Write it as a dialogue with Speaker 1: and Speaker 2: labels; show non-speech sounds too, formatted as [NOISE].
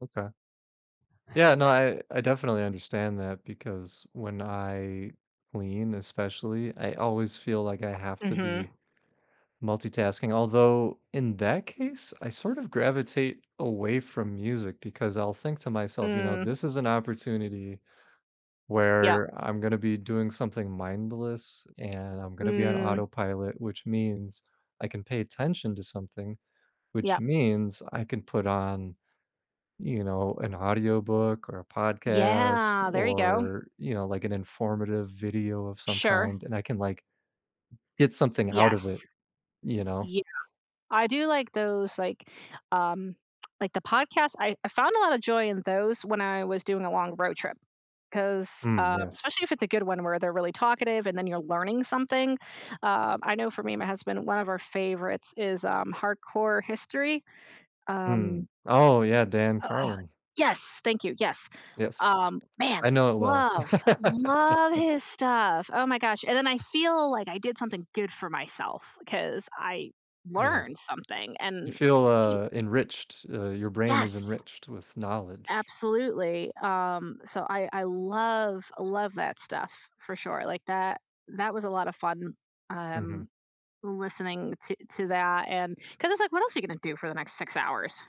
Speaker 1: Okay. Yeah, no, I I definitely understand that, because when I clean, especially, I always feel like I have to
Speaker 2: Mhm.
Speaker 1: be multitasking, although, in that case, I sort of gravitate away from music, because I'll think to myself, you know,
Speaker 2: Mm.
Speaker 1: this is an opportunity
Speaker 2: Yep.
Speaker 1: where I'm gonna be doing something mindless, and I'm gonna be on
Speaker 2: Mm.
Speaker 1: autopilot, which means I can pay attention to something, which
Speaker 2: Yep.
Speaker 1: means I can put on, you know, an audiobook, or a podcast,
Speaker 2: Yeah, there you go.
Speaker 1: or, you know, like an informative video of some
Speaker 2: Sure.
Speaker 1: kind, and I can, like, get something out of
Speaker 2: Yes.
Speaker 1: it, you know?
Speaker 2: Yeah. I do like those, like, um, [TSK] like the podcasts I I found a lot of joy in those when I was doing a long road trip, 'cause,
Speaker 1: Mm,
Speaker 2: uh
Speaker 1: yes.
Speaker 2: especially if it's a good one where they're really talkative, and then you're learning something. Um, I know for me and my husband, one of our favorites is, um, Hardcore History,
Speaker 1: Mm.
Speaker 2: um
Speaker 1: Oh, yeah, Dan
Speaker 2: uh
Speaker 1: Carlin.
Speaker 2: Yes, thank you, yes,
Speaker 1: Yes.
Speaker 2: um, man,
Speaker 1: I know it well.
Speaker 2: love, love
Speaker 1: [LAUGHS]
Speaker 2: his stuff, oh my gosh, and then I feel like I did something good for myself, 'cause I
Speaker 1: Yeah.
Speaker 2: learned something,
Speaker 1: You
Speaker 2: and
Speaker 1: feel,
Speaker 2: you
Speaker 1: uh, enriched, uh, your brain is
Speaker 2: Yes.
Speaker 1: enriched with knowledge.
Speaker 2: Absolutely, um, so, I I love, love that stuff, for sure, like that that was a lot of fun, um,
Speaker 1: Mhm.
Speaker 2: listening to to that, and 'cause it's like, what else are you gonna do for the next 6 hours?